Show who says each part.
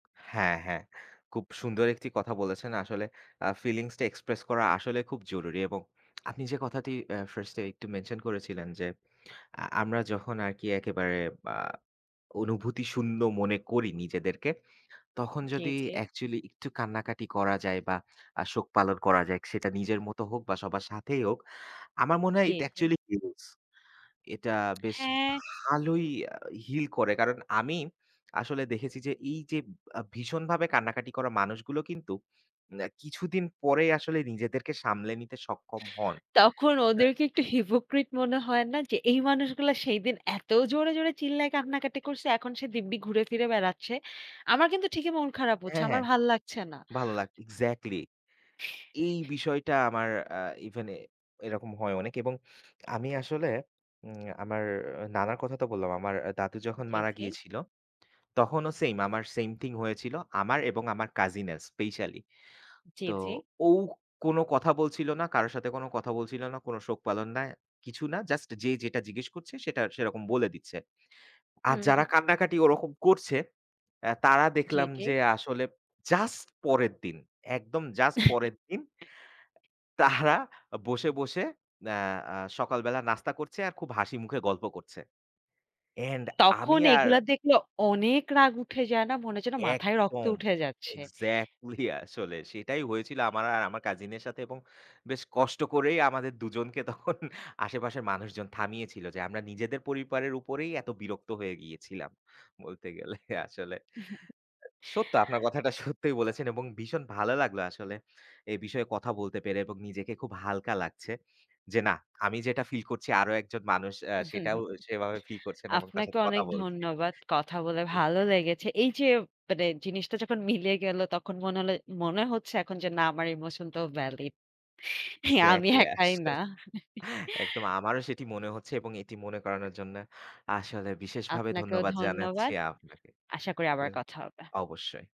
Speaker 1: হ্যাঁ, হ্যাঁ। খুব সুন্দর একটি কথা বলেছেন আসলে। আ ফিলিংস টা এক্সপ্রেস করা আসলে খুব জরুরি। এবং আপনি যে কথাটি আ ফার্স্ট এ একটু মেনশন করেছিলেন যে, আ আমরা যখন আরকি একেবারে আ অনুভূতি শূন্য মনে করি নিজেদেরকে। তখন
Speaker 2: জি,
Speaker 1: যদি
Speaker 2: জি।
Speaker 1: অ্যাকচুয়ালি একটু কান্নাকাটি করা যায় বা আ শোক পালন করা যায় সেটা নিজের মত হোক বা সবার সাথেই হোক। আমার মনে হয়
Speaker 2: জি,
Speaker 1: it
Speaker 2: জি।
Speaker 1: actually huge এটা বেশ
Speaker 2: হ্যাঁ।
Speaker 1: ভালোই আ হিল করে। কারণ, আমি আসলে দেখেছি যে এই যে আ ভীষণভাবে কান্নাকাটি করা মানুষগুলো কিন্তু, অ্যা কিছুদিন পরেই আসলে নিজেদেরকে সামলে নিতে সক্ষম হন।
Speaker 2: তখন
Speaker 1: হ্যাঁ।
Speaker 2: ওদেরকে একটু হিপোক্রিট মনে হয় না, যে এই মানুষগুলা সেইদিন এত জোরে, জোরে, চিল্লায় কান্নাকাটি করছে। এখন সে দিব্যি ঘুরে ফিরে বেড়াচ্ছে। আমার কিন্তু ঠিকই মন খারাপ হচ্ছে।
Speaker 1: অ্যা
Speaker 2: আমার
Speaker 1: হ্যাঁ।
Speaker 2: ভাল লাগছে না।
Speaker 1: ভালো লাক এক্সাক্টলি। এই বিষয়টা আমার আ ইভেন এ এরকম হয় অনেক। এবং আমি আসলে উম আমার নানার কথা তো বললাম। আমার দাদু যখন
Speaker 2: জ্বী,
Speaker 1: মারা
Speaker 2: জ্বী।
Speaker 1: গিয়েছিল, তখনও সেইম আমার সেইম থিং হয়েছিল আমার এবং আমার কাজিন এর স্পেশালি।
Speaker 2: জ্বী,
Speaker 1: তো,
Speaker 2: জ্বী।
Speaker 1: ও কোন কথা বলছিল না, কারো সাথে কোন কথা বলছিল না, কোন শোক পালন না, কিছু না। জাস্ট যে যেটা জিজ্ঞেস করছে সেটা সেরকম বলে দিচ্ছে। আর
Speaker 2: হুম,
Speaker 1: যারা
Speaker 2: হুম।
Speaker 1: কান্নাকাটি ওরকম করছে অ্যা তারা
Speaker 2: জ্বী,
Speaker 1: দেখলাম
Speaker 2: জ্বী।
Speaker 1: যে আসলে জাস্ট পরের দিন। একদম জাস্ট পরের দিন। তাহরা বসে, বসে, অ্যা অ্যা সকালবেলা নাস্তা করছে আর খুব হাসি মুখে গল্প করছে। অ্যান্ড
Speaker 2: তখন
Speaker 1: আমি আর
Speaker 2: এগুলা দেখলে অনেক রাগ উঠে যায় না? মনে হয় যেন মাথায় রক্ত
Speaker 1: একদম।
Speaker 2: উঠে যাচ্ছে।
Speaker 1: এক্সাক্টলি। আসলে সেটাই হয়েছিল আমার আর আমার কাজিনের সাথে। এবং বেশ কষ্ট করেই আমাদের দুজনকে তখন আশেপাশের মানুষজন থামিয়েছিল। যে আমরা নিজেদের পরিবারের উপরেই এত বিরক্ত হয়ে গিয়েছিলাম। বলতে গেলে আসলে। সত্য আপনার কথাটা সত্যই বলেছেন এবং ভীষণ ভালো লাগলো আসলে, এ বিষয়ে কথা বলতে পেরে এবং নিজেকে খুব হালকা লাগছে। যে না আমি যেটা ফিল করছি আরও একজন মানুষ অ্যা সেটাও সেভাবে ফিল করছেন। এবং তার
Speaker 2: আপনাকে
Speaker 1: সাথে কথা
Speaker 2: অনেক
Speaker 1: বলছি।
Speaker 2: ধন্যবাদ। কথা বলে
Speaker 1: [unintelligible]
Speaker 2: ভালো লেগেছে। এই যে মানে জিনিসটা যখন মিলে গেল তখন মনে হল মনে হচ্ছে এখন যে না আমার ইমোশনটাও ভ্যালিড। হ্যাঁ, আমি
Speaker 1: এক্সাক্টলি,
Speaker 2: একাই
Speaker 1: আসলে
Speaker 2: না
Speaker 1: একদম আমারও সেটি মনে হচ্ছে। এবং এটি মনে করানোর জন্য আসলে বিশেষভাবে
Speaker 2: আপনাকেও
Speaker 1: ধন্যবাদ জানাচ্ছি
Speaker 2: ধন্যবাদ।
Speaker 1: আপনাকে,
Speaker 2: আশা করি আবার কথা হবে।
Speaker 1: অবশ্যই।